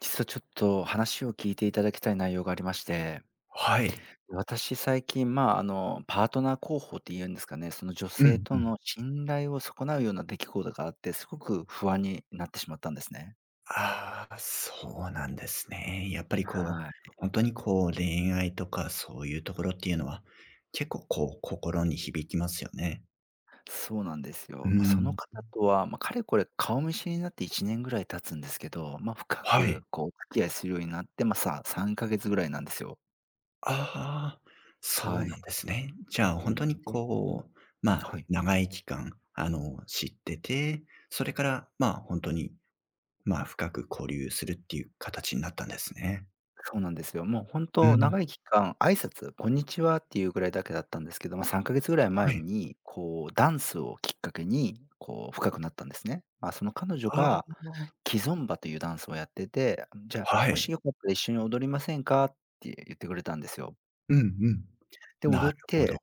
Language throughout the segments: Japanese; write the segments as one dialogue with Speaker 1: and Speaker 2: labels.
Speaker 1: 実はちょっと、話を聞いていただきたい内容がありまして。
Speaker 2: はい。
Speaker 1: 私最近まあ、あの、パートナー候補っていうんですかね、その女
Speaker 2: う
Speaker 1: 性
Speaker 2: んう
Speaker 1: と
Speaker 2: ん。
Speaker 1: の信頼を損なうような出来事があって、すごく不安になってしまったんですね。
Speaker 2: ああ、そうなんですね。やっぱりこ
Speaker 1: は
Speaker 2: う、
Speaker 1: い。
Speaker 2: 本当にこう、恋愛とかそういうところっていうのは、結構こう、心に響きますよね。
Speaker 1: そうなんです
Speaker 2: う
Speaker 1: よ。ま、その
Speaker 2: ん。
Speaker 1: 方とは、ま、かれこれ顔見知りになって1年ぐらい経つんですけど、ま、深
Speaker 2: はい。
Speaker 1: くこう、お付き合いするようになって、ま、さ3ヶ月ぐらいなんですよ。
Speaker 2: ああ、そうなん
Speaker 1: はい。
Speaker 2: ですね。じゃあ
Speaker 1: う
Speaker 2: 本当に
Speaker 1: ん、で。
Speaker 2: こう、まあ、
Speaker 1: はい。
Speaker 2: 長い期間、あの、知ってて、それからまあ、本当に、まあ、深く交流するっていう形になったんですね。
Speaker 1: そうなんですよ。もう、本
Speaker 2: う
Speaker 1: 当
Speaker 2: ん。
Speaker 1: 長い期間挨拶、こんにちはっていうぐらいだけだったんですけど、ま、3ヶ月ぐらい
Speaker 2: は
Speaker 1: 前
Speaker 2: い。
Speaker 1: に、こう、ダンスをきっかけに、こう、深くなったんですね。あ、その彼女
Speaker 2: あ
Speaker 1: が
Speaker 2: あ。
Speaker 1: キゾンバというダンスをやってて、「じゃあ、
Speaker 2: は
Speaker 1: もし
Speaker 2: い。
Speaker 1: よかったら一緒に踊りませんか？」って言ってくれたんですよ。
Speaker 2: うんうん。
Speaker 1: で、
Speaker 2: な
Speaker 1: 踊
Speaker 2: る
Speaker 1: っ
Speaker 2: ほ
Speaker 1: て、
Speaker 2: ど。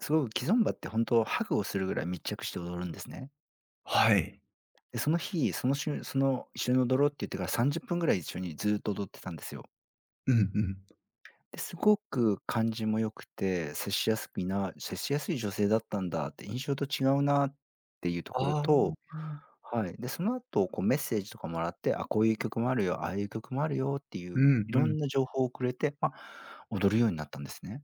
Speaker 1: すごく、キゾンバってほんと、ハグをするぐらい密着して踊るんですね。
Speaker 2: はい。
Speaker 1: で、その日、そのしゅその一緒に踊ろうって言ってから、30分ぐらい一緒にずっと踊ってたんですよ。
Speaker 2: うんうん。
Speaker 1: で、すごく感じも良くて、接しやすいな接しやすい女性だったんだって、印象と違うなっていうと
Speaker 2: あ
Speaker 1: ころ
Speaker 2: あ、あ、
Speaker 1: と、
Speaker 2: はあ。
Speaker 1: はい。で、その後、こう、メッセージとか貰って、あ、こういう曲もあるよ、ああいう曲もあるよってい
Speaker 2: う
Speaker 1: う、
Speaker 2: んう
Speaker 1: 色
Speaker 2: ん。
Speaker 1: んな情報をくれて、ま、踊るようになったんですね。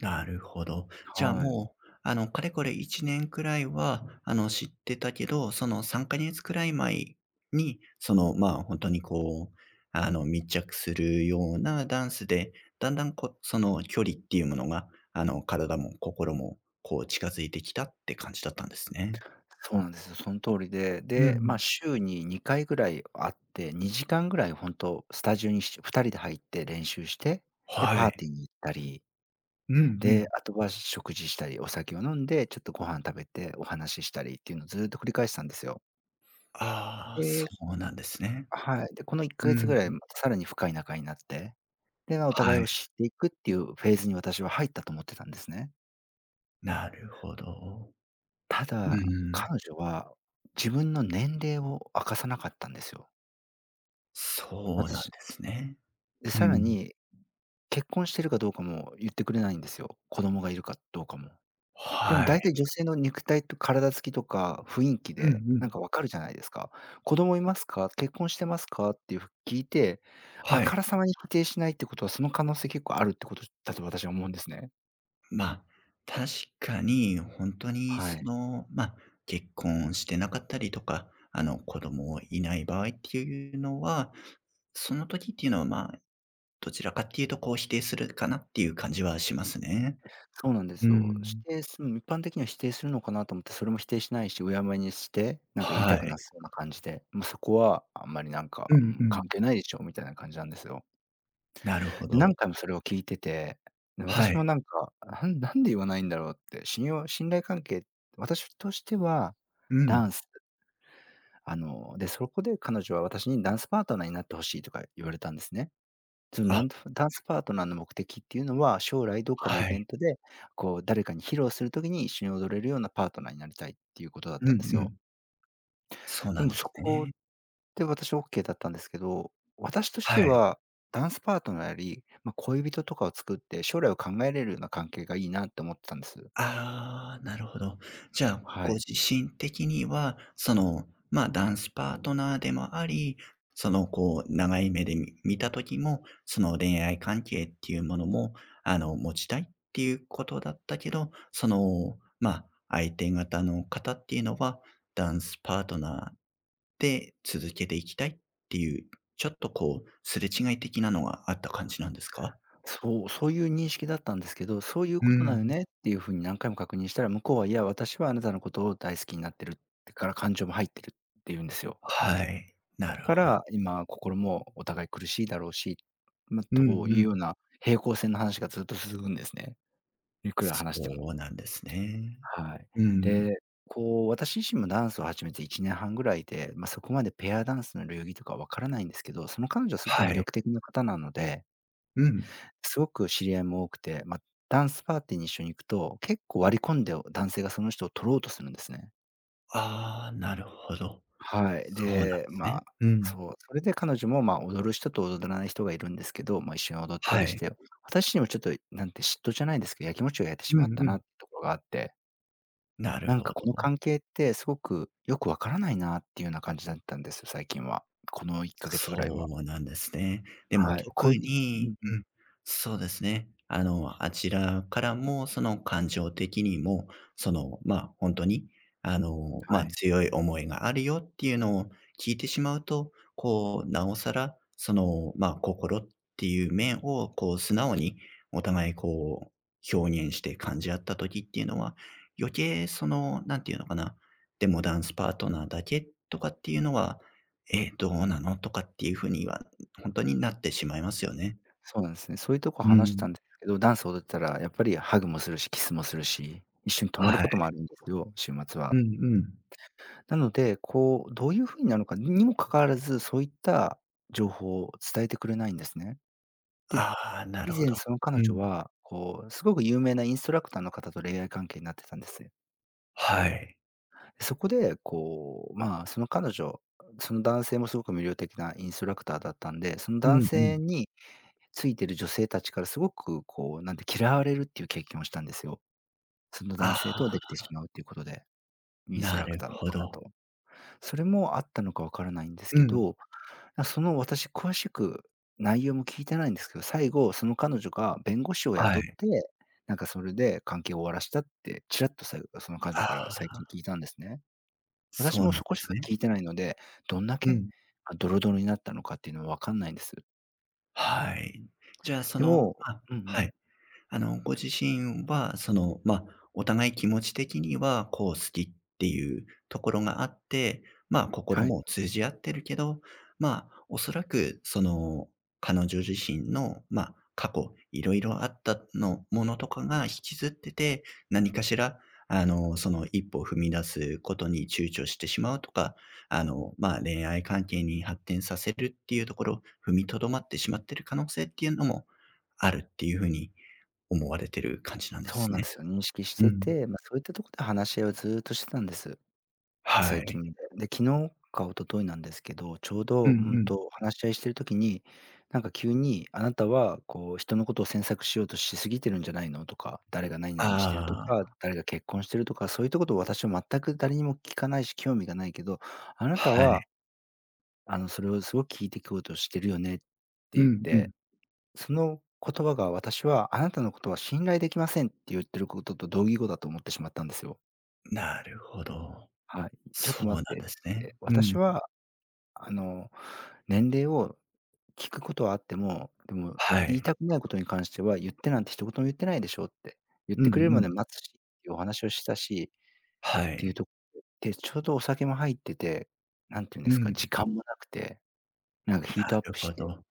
Speaker 2: なるほど。じゃあ
Speaker 1: はい。
Speaker 2: もう、あの、かれこれ1年位は、あの、知ってたけど、その、3ヶ月位前に、その、まあ、ほんとに、こう、あの、密着するようなダンスで、段々、こう、その、距離っていうものが、あの、体も心も、こう、近づいてきたって感じだったんですね。
Speaker 1: そうなんですよ、そん通りで、
Speaker 2: うん
Speaker 1: で、
Speaker 2: う
Speaker 1: ま、
Speaker 2: ん。
Speaker 1: 週に2回ぐらい会って、2時間ぐらい、ほんと、スタジオに、し2人で入って練習して、で、
Speaker 2: は
Speaker 1: パー
Speaker 2: い。
Speaker 1: ティーに行ったり。
Speaker 2: うんう
Speaker 1: で、
Speaker 2: ん。
Speaker 1: あとは食事したり、お酒を飲んで、ちょっとご飯食べて、お話ししたりっていうの、ずっと繰り返してたんですよ。
Speaker 2: ああ、あ、そ
Speaker 1: で
Speaker 2: うなんですね。
Speaker 1: はい、で、このいっか
Speaker 2: う
Speaker 1: げつ
Speaker 2: ん、
Speaker 1: ぐらい、
Speaker 2: ん。
Speaker 1: また、さらに深い仲になって、では、お互
Speaker 2: は
Speaker 1: い
Speaker 2: い。
Speaker 1: を知っていくっていうフェーズに私は入ったと思ってたんですね。
Speaker 2: なるほど、
Speaker 1: た
Speaker 2: うんう
Speaker 1: だ、
Speaker 2: ん。
Speaker 1: 彼女は、自分の年齢を、明かさなかったんですよ。
Speaker 2: そうなん
Speaker 1: 私
Speaker 2: ですね、
Speaker 1: で、
Speaker 2: う
Speaker 1: 更
Speaker 2: ん。
Speaker 1: に、結婚してるかどうかも言ってくれないんですよ、子供がいるかどうかも。でも、
Speaker 2: は
Speaker 1: 大
Speaker 2: い。
Speaker 1: 体、女性の肉体と体付きとか雰囲気
Speaker 2: うんう
Speaker 1: で、何
Speaker 2: ん。
Speaker 1: か、分かるじゃないですか。「子供いますか？」、「結婚してますか？」っていうふ聞いて、あ
Speaker 2: はい。
Speaker 1: からさまに否定しないって事は、その可能性、結構あるって事だと、私、思うんですね。
Speaker 2: ま、確かに、ほんとに、
Speaker 1: は
Speaker 2: そ
Speaker 1: い。
Speaker 2: の、ま、結婚してなかったりとか、あの、子供いない場合っていうのは、その時っていうのは、まあ、どちらかっていうと、こう、否定するかなっていう感じはしますね、
Speaker 1: そうなんで
Speaker 2: うー
Speaker 1: すよ、し
Speaker 2: ん。
Speaker 1: ていすうん、一般的には、否定するのかなと思って、それも否定しないし、有耶無耶にして、何か、言い
Speaker 2: は
Speaker 1: たく
Speaker 2: い。
Speaker 1: なさそうな感じで、ま、そこは、あんまり何
Speaker 2: う
Speaker 1: か、う
Speaker 2: んう
Speaker 1: ん、関
Speaker 2: ん。
Speaker 1: 係ないでしょ、みたいな感じなんですよ。
Speaker 2: なるほ
Speaker 1: で、何
Speaker 2: ど。
Speaker 1: 回も、それを聞いてて、で、
Speaker 2: は
Speaker 1: 私
Speaker 2: い。
Speaker 1: も何か、あ、なんなんで、言わないんだろうって、信用信頼関係私としては、
Speaker 2: う
Speaker 1: ダ
Speaker 2: ん。
Speaker 1: ンスあの、で、そこで彼女は、私に、「ダンスパートナーになって欲しい」とか言われたんですね、その、
Speaker 2: あ。
Speaker 1: なんとふダンスパートナーの目的って言うのは、将来どっかのイ
Speaker 2: はい。
Speaker 1: ベントで、こう、誰かに披露する時に、一緒に踊れるような、パートナーになりたいっていう事だっ
Speaker 2: うん
Speaker 1: たんです
Speaker 2: う
Speaker 1: よ。
Speaker 2: ん。そう
Speaker 1: で
Speaker 2: なん
Speaker 1: も、
Speaker 2: で
Speaker 1: そ
Speaker 2: す
Speaker 1: こ
Speaker 2: ね。
Speaker 1: で、私、オッケーだったんですけど、私とし
Speaker 2: は
Speaker 1: て
Speaker 2: い。
Speaker 1: は、ダンスパートナーより、ま、恋人とかを作って、将来を考えれるような、関係が良いなって思ってたんです。
Speaker 2: ああ、なるほど、じゃあ、
Speaker 1: は
Speaker 2: ご
Speaker 1: い。
Speaker 2: 自身的には、その、ま、ダンスパートナーでもあり、その、こう、長い目でみ見た時も、その、恋愛関係ってゆうものも、あの、持ちたいってゆう事だったけど、その、まあ、相手方の方っていうのは、ダンスパートナーで続けていきたいってゆう、ちょっと、こう、すれ違い的なのが、あった感じなんですか？
Speaker 1: そう、そうゆう認識だったんですけど、「そうゆう
Speaker 2: うー
Speaker 1: 事なの
Speaker 2: ん。
Speaker 1: ね？」ってゆう風に、何回も確認したら、向こうは、「いや、私はあなたの事を大好きになってる、ってから、感情も入ってる」って言うんですよ。
Speaker 2: はい、な
Speaker 1: だ
Speaker 2: る
Speaker 1: か
Speaker 2: ほ
Speaker 1: ら、今、心もお互い苦しいだろうしま、
Speaker 2: う
Speaker 1: と
Speaker 2: んう
Speaker 1: いうよう
Speaker 2: ん。
Speaker 1: な、平行線の話がずっと続くんですね、幾
Speaker 2: そ
Speaker 1: ら話しても。
Speaker 2: そうなんですね、
Speaker 1: はい、
Speaker 2: うんうん。
Speaker 1: で、こう、私自身もダンスを始めて、1年半ぐらいで、ま、そこまで、ペアダンスの流儀とか分からないんですけど、その彼女は凄く
Speaker 2: は
Speaker 1: 魅
Speaker 2: い。
Speaker 1: 力的な方なので
Speaker 2: うん。
Speaker 1: 凄く知り合いも多くて、ま、ダンスパーティーに一緒に行くと、結構、割り込んで、お男性がその人を取ろうとするんですね。
Speaker 2: ああ、なるほど。
Speaker 1: はい。
Speaker 2: そうなん
Speaker 1: で、
Speaker 2: す
Speaker 1: ま
Speaker 2: ね。うん。
Speaker 1: そう、それで彼女も、ま、踊る人と踊れない人がいるんですけど、ま、一緒に踊った
Speaker 2: は
Speaker 1: りし
Speaker 2: い。
Speaker 1: て、や私にもちょっと、なんて嫉妬じゃないですけど、やきもちを焼いて
Speaker 2: う
Speaker 1: しまっ
Speaker 2: ん
Speaker 1: た
Speaker 2: う
Speaker 1: な
Speaker 2: ん。
Speaker 1: っところがあって
Speaker 2: なる
Speaker 1: なん
Speaker 2: ほ
Speaker 1: かこの
Speaker 2: ど。
Speaker 1: 関係って、すごくよく分からないなっていうよな感じだったんです、最近は。この1ヶ月位
Speaker 2: そ
Speaker 1: は。
Speaker 2: うなんですね。でも
Speaker 1: はい、
Speaker 2: 特
Speaker 1: こいう
Speaker 2: に
Speaker 1: んうん。
Speaker 2: うん。そうですね。あの、あちらからもその感情的にも、その、まあ、ほんとに、あの、ま
Speaker 1: は
Speaker 2: あ、
Speaker 1: い。
Speaker 2: 強い思いがあるよっていうのを聞いてしまうと、こう、なおさら、その、まあ、心っていう面を、こう素直に、お互いこう、表現して感じあった時っていうのは、余計その、なんていうのかな、でもダンスパートナーだけとかっていうのは、え、どうなのとかっていう風には、ほんとになってしまいますよね。
Speaker 1: そうなんすね、そういうとこ
Speaker 2: う
Speaker 1: 話した
Speaker 2: ん。
Speaker 1: んですけど、ダンス踊ったらやっぱりハグもするし、キスもするし、一緒に泊まる
Speaker 2: は
Speaker 1: こ
Speaker 2: い。
Speaker 1: ともあるんですけど、週末
Speaker 2: う
Speaker 1: は。
Speaker 2: んうん。
Speaker 1: なので、こう、どういう風になるのかにも関わらず、そういった情報、伝えてくれないんですね。
Speaker 2: ああ、なる
Speaker 1: で、以
Speaker 2: ほ
Speaker 1: 前
Speaker 2: ど。
Speaker 1: その彼
Speaker 2: う
Speaker 1: 女
Speaker 2: ん。
Speaker 1: は、こうすごく有名なインストラクターの方と恋愛関係になってたんです。
Speaker 2: はい。
Speaker 1: そこで、こう、まあ、その彼女その男性もすごく魅力的なインストラクターだったんで、その
Speaker 2: う
Speaker 1: 男
Speaker 2: んう
Speaker 1: 性
Speaker 2: ん。
Speaker 1: についてる女性たちからすごくこうなんて、嫌われるっていう経験をしたんですよ。その男
Speaker 2: あ
Speaker 1: 性とできてし
Speaker 2: あ。
Speaker 1: まうっていうことで。インスト
Speaker 2: な
Speaker 1: ラク
Speaker 2: る
Speaker 1: ターの
Speaker 2: ほ
Speaker 1: 方と。
Speaker 2: ど。
Speaker 1: それもあったのかわからないんです
Speaker 2: う
Speaker 1: け
Speaker 2: ん。
Speaker 1: ど、なその私詳しく内容も聞いてないんですけど、最後その彼女が弁護士を
Speaker 2: は
Speaker 1: 雇っ
Speaker 2: い。
Speaker 1: て、なんかそれで関係を終わらせたって、ちらっと最後がその彼女
Speaker 2: あ
Speaker 1: から最近
Speaker 2: あ。
Speaker 1: 聞いたんですね。私
Speaker 2: そう
Speaker 1: も
Speaker 2: な
Speaker 1: そ
Speaker 2: んで
Speaker 1: こし
Speaker 2: す
Speaker 1: か
Speaker 2: ね。
Speaker 1: 聞いてないので、どんだ
Speaker 2: う
Speaker 1: け、
Speaker 2: ん。
Speaker 1: ドロドロになったのかっていうのはわかんないんです。
Speaker 2: はい。じゃあ、そ
Speaker 1: で
Speaker 2: の
Speaker 1: も
Speaker 2: あ、
Speaker 1: うんうん。
Speaker 2: はい。あのご自身は、その、ま、お互い気持ち的にはこう好きっていうところがあって、まあ、心
Speaker 1: はい。
Speaker 2: も通じ合ってるけど、まあ、おそらくその、彼女自身の、ま、過去、いろいろあったのものとかが引きずってて何かしらあの、その1歩を踏み出すことに躊躇してしまうとか、あの、まあ、恋愛関係に発展させるっていうところ、踏みとどまってしまってる可能性っていうのも、あるっていう風に思われてる感じなんで
Speaker 1: そう
Speaker 2: す
Speaker 1: なん
Speaker 2: ね？
Speaker 1: ですよ、認識し
Speaker 2: う
Speaker 1: て
Speaker 2: ん。
Speaker 1: て、ま、そういったとこで話し合いをずうっとしてたんです。
Speaker 2: は
Speaker 1: 最
Speaker 2: い。
Speaker 1: 近、で、昨日か一昨日なんですけど、ちょう
Speaker 2: う
Speaker 1: ど、う
Speaker 2: んう
Speaker 1: ん
Speaker 2: ん。
Speaker 1: と話し合いしてる時に、なんか急に、あなたはこう人のことを詮索しようとしすぎてるんじゃないのとか、誰がなになにしてると
Speaker 2: あ
Speaker 1: か、
Speaker 2: あ。
Speaker 1: 誰が結婚してるとか、そういったことを私は全く誰にも聞かないし興味がないけど、あなた
Speaker 2: はい。
Speaker 1: はあの、それをすごく聞いて聞こうとしてるよねって
Speaker 2: う
Speaker 1: ゆっ
Speaker 2: んうん。
Speaker 1: て。その言葉が、私は「あなたのことは信頼できません」ってゆっていることと同義語だと思ってしまったんですよ。
Speaker 2: なるほど。
Speaker 1: はい。ちょっ
Speaker 2: そ
Speaker 1: と
Speaker 2: う
Speaker 1: 待
Speaker 2: なん
Speaker 1: ってっ
Speaker 2: ですね。
Speaker 1: て。
Speaker 2: う
Speaker 1: 私
Speaker 2: ん。
Speaker 1: は、あの、年齢を聞くことはあっても、でも、
Speaker 2: は
Speaker 1: 言い
Speaker 2: い。
Speaker 1: たくないことに関しては、言ってなんて一言も言ってないでしょって。言っ
Speaker 2: うん
Speaker 1: てくれる
Speaker 2: う
Speaker 1: まで
Speaker 2: ん。
Speaker 1: 待つし、いうお話をしたしっ
Speaker 2: は
Speaker 1: て言う
Speaker 2: い。
Speaker 1: と、で、ちょうどお酒も入ってて、何て言うんで
Speaker 2: う
Speaker 1: すか、
Speaker 2: ん。
Speaker 1: 時間もなくて、なんか
Speaker 2: う、
Speaker 1: ヒー
Speaker 2: な
Speaker 1: トアッ
Speaker 2: る
Speaker 1: プし
Speaker 2: ほ
Speaker 1: て、
Speaker 2: ど。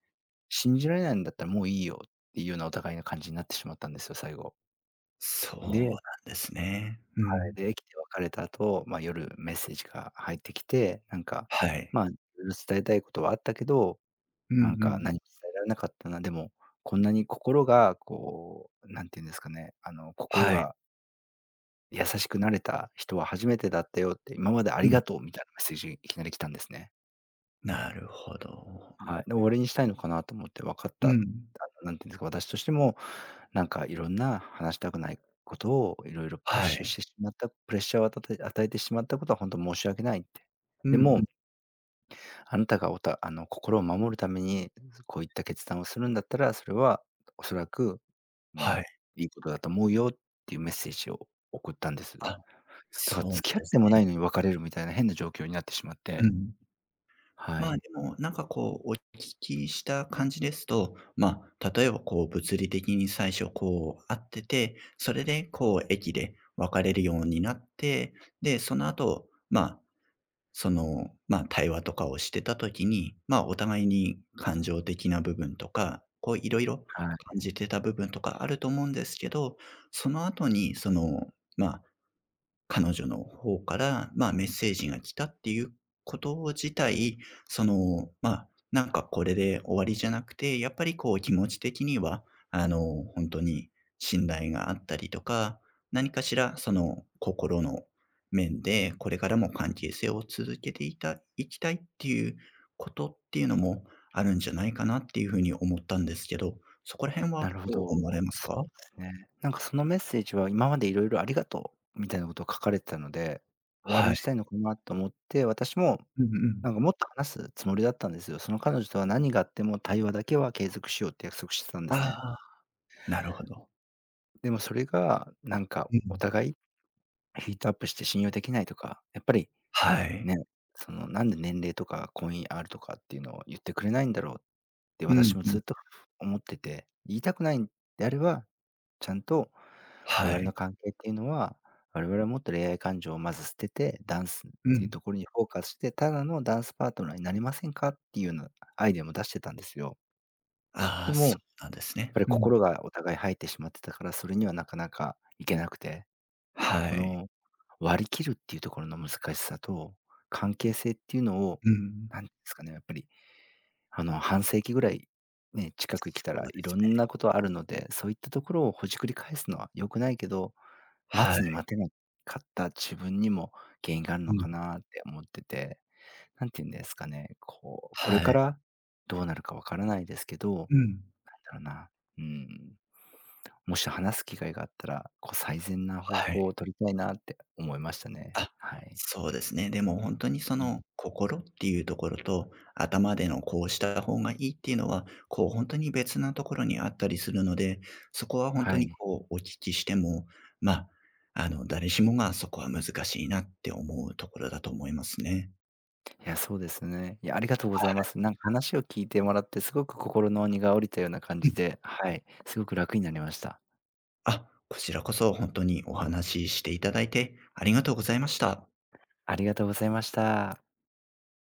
Speaker 1: 信じられないんだったらもういいよっていうようなお互いな感じになってしまったんですよ、最後。
Speaker 2: そうなん
Speaker 1: で
Speaker 2: ですね。う
Speaker 1: はい。
Speaker 2: ん。
Speaker 1: で、駅で別れた後、ま、夜、メッセージが入ってきて、なんか、
Speaker 2: はい。
Speaker 1: ま、ん伝えたいことはあったけど、
Speaker 2: うん
Speaker 1: なん
Speaker 2: う
Speaker 1: か
Speaker 2: ん。
Speaker 1: 何も伝えられなかったな。でも、こんなに心がこう、何て言うんですかね、あの心
Speaker 2: はい。
Speaker 1: が優しくなれた人は初めてだったよって、今まであ
Speaker 2: う
Speaker 1: り
Speaker 2: ん。
Speaker 1: がとうみたいなメッセージ、いきなり来たんですね。
Speaker 2: なるほど、うん。
Speaker 1: はい。で、終わりにしたいのかなと思って、わかった、
Speaker 2: う
Speaker 1: 多
Speaker 2: ん。
Speaker 1: 分何て言うんですか、私としても、なんかいろんな話したくないことをいろいろプッ
Speaker 2: は
Speaker 1: シュし
Speaker 2: い。
Speaker 1: てしまったプレッシャーを与たたえ与えてしまったことはほんと申し訳ないって。
Speaker 2: う
Speaker 1: で
Speaker 2: んう
Speaker 1: も
Speaker 2: ん。
Speaker 1: あなたがおたあの、心を守るために、こういった決断をするんだったら、それはおそらく、う
Speaker 2: はい。
Speaker 1: ん、いいことだと思うよっていうメッセージを送ったんです。だ
Speaker 2: あ、
Speaker 1: か
Speaker 2: そ
Speaker 1: ら、
Speaker 2: うな
Speaker 1: 付き合っ
Speaker 2: です
Speaker 1: てもな
Speaker 2: ね。
Speaker 1: いのに別れるみたいな変な状況になってしまっ
Speaker 2: う
Speaker 1: て。
Speaker 2: ん。
Speaker 1: は
Speaker 2: まあ、
Speaker 1: い。
Speaker 2: でも、なんかこう、お聞きした感じですと、まあ、例えば、こう、物理的に最初、こう、会ってて、それで、こう、駅で別れるようになって、で、その後、まあ、その、まあ、対話とかをしてた時に、まあ、お互いに感情的な部分とか、こう、いろいろ
Speaker 1: はい。
Speaker 2: 感じてた部分とかあると思うんですけど、その後に、その、まあ、彼女の方から、まあ、メッセージが来たっていうことを自体、その、まあ、なんかこれで終わりじゃなくて、やっぱり、こう、気持ち的には、あの、ほんとに信頼があったりとか、何かしらその心の面でこれからも関係性を続けていたいきたいっていうことっていうのも、あるんじゃないかなっていう風に思ったんですけど、そこら辺
Speaker 1: な
Speaker 2: は
Speaker 1: るほ
Speaker 2: どう思わ
Speaker 1: ど。
Speaker 2: れます
Speaker 1: そ
Speaker 2: か？
Speaker 1: うですね。なんかそのメッセージは今までいろいろありがとう、みたいなことを書かれてたので、終わり
Speaker 2: は
Speaker 1: に
Speaker 2: い。
Speaker 1: したいのかなと思って。私も、
Speaker 2: うんう
Speaker 1: なん
Speaker 2: ん。
Speaker 1: かもっと話すつもりだったんですよ。その彼女とは何があっても、対話だけは継続しようって約束してたんで
Speaker 2: ああ、
Speaker 1: す
Speaker 2: は
Speaker 1: ね。
Speaker 2: あ、なるほど。
Speaker 1: でも、それがなんか、
Speaker 2: う
Speaker 1: お
Speaker 2: ん。
Speaker 1: 互いヒートアップして信用できないとか、やっぱり、
Speaker 2: は
Speaker 1: ね、
Speaker 2: い。
Speaker 1: その、なんで年齢とか、婚姻あるとかっていうのを言ってくれないんだろう、って
Speaker 2: うん
Speaker 1: 私も
Speaker 2: う
Speaker 1: ず
Speaker 2: ん。
Speaker 1: っと思ってて、言いたくないんであれば、ちゃんと、我
Speaker 2: は
Speaker 1: 々
Speaker 2: い。
Speaker 1: の関係っていうのは、我々はもっと恋愛感情をまず捨てて、ダンスっ
Speaker 2: う
Speaker 1: ていう
Speaker 2: ん。
Speaker 1: ところにフォーカスして、ただのダンスパートナーになりませんかっていうなアイデアも出してたんですよ。
Speaker 2: あ
Speaker 1: で
Speaker 2: あ、
Speaker 1: も、
Speaker 2: そ
Speaker 1: っ
Speaker 2: うなんですね。
Speaker 1: ぱり
Speaker 2: うん。
Speaker 1: 心がお互い入ってしまってたから、それにはなかなか行けなくて、
Speaker 2: は
Speaker 1: こ
Speaker 2: い。
Speaker 1: の、割り切るっていうところの難しさと、関係性っていうのを、
Speaker 2: うん。
Speaker 1: なんっすかね、やっぱり。あの、半世紀ぐらい、ね、近
Speaker 2: そ
Speaker 1: く生きた
Speaker 2: そ
Speaker 1: ら
Speaker 2: うで
Speaker 1: い
Speaker 2: す
Speaker 1: ろん
Speaker 2: ね。
Speaker 1: なことあるので、そういったところをほじくり返すのは良くないけど、待
Speaker 2: は
Speaker 1: つ
Speaker 2: い。
Speaker 1: に待てなかった自分にも原因があん
Speaker 2: う
Speaker 1: のか
Speaker 2: ん。
Speaker 1: なって思ってて、なんて言うんですかね、こう、これ
Speaker 2: は
Speaker 1: か
Speaker 2: い。
Speaker 1: ら、どうなるか分からないですけど、なん
Speaker 2: うん。
Speaker 1: だろうな、うん。もし話す機会があったら、こう、最善な方
Speaker 2: はい。
Speaker 1: 法を取りたいなって、思いましたね。
Speaker 2: あ、
Speaker 1: はい。
Speaker 2: そうですね、でもほんとにそ
Speaker 1: う
Speaker 2: の、
Speaker 1: ん。
Speaker 2: 心っていうところと、頭でのこうした方がいいっていうのは、こう、ほんとに別なところにあったりするので、そこはほんと
Speaker 1: は
Speaker 2: に
Speaker 1: い。
Speaker 2: こう、お聞きしても、ま、あの、誰しもがそこは難しいなって思うところだと思いますね。
Speaker 1: いや、そうですね。いや、ありがとうご
Speaker 2: は
Speaker 1: ざいま
Speaker 2: い。
Speaker 1: す。なんか話を聞いてもらってすごく心の荷が下りたような感
Speaker 2: うん。
Speaker 1: じで、はい、すごく楽になりました。
Speaker 2: あ、こちらこそ本当にお話しして頂いて、ありがとうございました。
Speaker 1: ありがとうございました。